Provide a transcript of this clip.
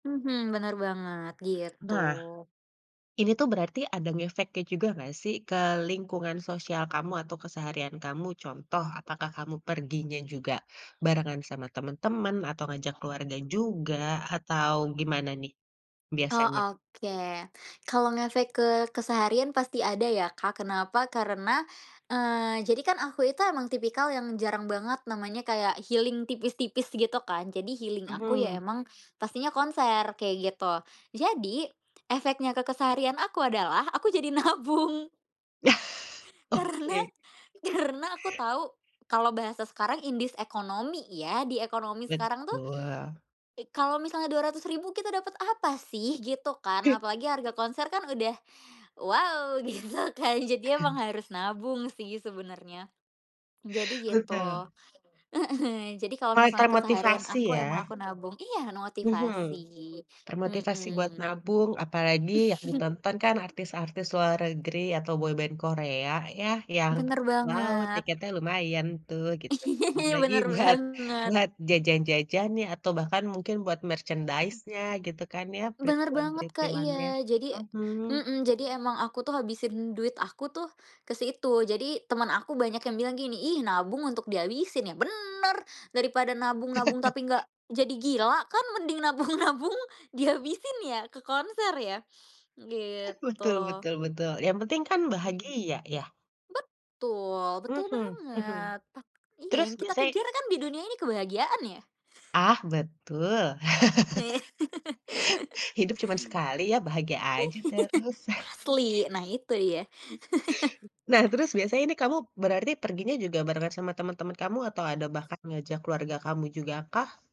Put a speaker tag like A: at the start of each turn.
A: Mhm, bener banget, gitu.
B: Nah, ini tuh berarti ada ngefeknya juga gak sih ke lingkungan sosial kamu atau keseharian kamu, contoh apakah kamu perginya juga barengan sama teman-teman atau ngajak keluarga juga, atau gimana nih
A: Oh,
B: biasanya?
A: oke. Kalau ngefek ke keseharian pasti ada ya, Kak, kenapa? Karena, eee, jadi kan aku itu emang tipikal yang jarang banget namanya kayak, healing tipis-tipis gitu kan, jadi healing aku ya
B: Mhm.
A: emang pastinya konser, kayak gitu. Jadi, efeknya ke keseharian aku adalah aku jadi nabung.
B: Yah,
A: Karena
B: Oke.
A: karena aku tahu kalau bahasa sekarang "in this economy" ya, di ekonomi sekarang tuh,
B: Betul.
A: i kalau misalnya Rp200.000 kita dapat apa sih? Gitu kan.
B: I
A: Apalagi harga konser kan udah, wow gitu kan, jadi emang harus nabung sih sebenarnya. Jadi, gitu,
B: Betul.
A: heeh, jadi kalau misalnya
B: Kata
A: keseharian
B: motivasi
A: aku, emang
B: ya.
A: aku nabung iya
B: Mhm,
A: motivasi,
B: termotivasi buat
A: mhm.
B: nabung, apalagi yang ditonton kan artis-artis luar negeri atau boyband Korea yah yang,
A: Benar
B: wow
A: banget.
B: tiketnya lumayan tuh, gitu. Belum lagi
A: Bener
B: buat
A: banget.
B: buat jajan-jajannya atau bahkan mungkin buat
A: Mhm.
B: merchandise-nya gitu kan ya,
A: Benar banget, Kak,
B: printilan-printilannya,
A: iya. Jadi
B: mhm.
A: mhm, jadi emang aku tuh habisin duit aku tuh ke situ. Jadi, teman aku banyak yang bilang gini, "Ih nabung untuk dihabisin" Ya benar, daripada nabung-nabung tapi enggak jadi gila kan mending nabung-nabung dihabisin ya ke konser ya, gitu.
B: Betul betul betul, yang penting kan
A: Hmm.
B: bahagia ya?
A: Betul betul
B: Mhm mhm,
A: banget tak iya,
B: terus
A: yang kita
B: biasanya
A: kejar kan di dunia ini kebahagiaan ya.
B: Ah, betul. Hidup cuman sekali ya, bahagia aja terus.
A: Asli. Nah, itu ya.
B: Nah, terus biasanya ini kamu berarti perginya juga berangkat sama teman-teman kamu, atau ada bahkan ngajak keluarga kamu jugakah?